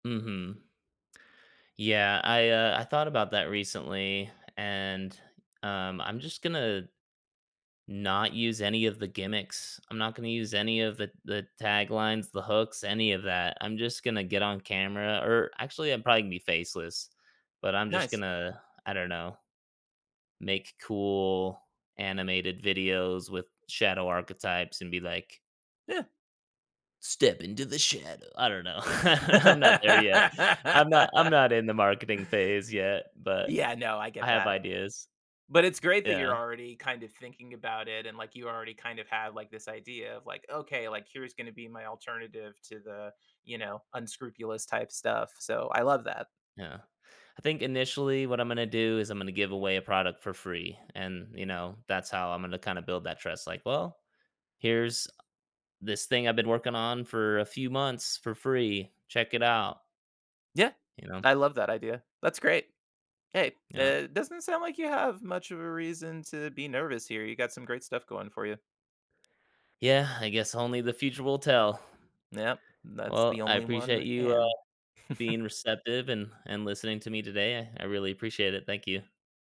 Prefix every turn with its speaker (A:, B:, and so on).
A: Mhm. Yeah, I, uh, I thought about that recently, and, um, I'm just gonna not use any of the gimmicks. I'm not gonna use any of the the taglines, the hooks, any of that, I'm just gonna get on camera or actually, I'm probably gonna be faceless, but I'm just
B: Nice.
A: gonna, I don't know make cool animated videos with shadow archetypes and be like
B: Yeah.
A: "Step into the shadow." I don't know. I'm not there yet, I'm not I'm not in the marketing phase yet, but
B: Yeah, no, I
A: I
B: get
A: have
B: that.
A: ideas.
B: But it's great that you're
A: Yeah.
B: already kind of thinking about it and, like, you already kind of have, like, this idea of, like, "Okay, like, here's gonna be my alternative to the, you know, unscrupulous type stuff." So, I love that.
A: Yeah. I think initially what I'm gonna do is I'm gonna give away a product for free and, you know, that's how I'm gonna kinda build that trust, like, "Well, here's this thing I've been working on for a few months for free, check it out."
B: Yeah.
A: You know?
B: I love that idea. That's great. Hey,
A: Yeah.
B: that doesn't sound like you have much of a reason to be nervous here, you got some great stuff going for you.
A: Yeah, I guess only the future will tell.
B: Yep, that's the
A: Well, I
B: only one
A: appreciate
B: that
A: you, uh,
B: can.
A: being receptive and and listening to me today. I I really appreciate it, thank you.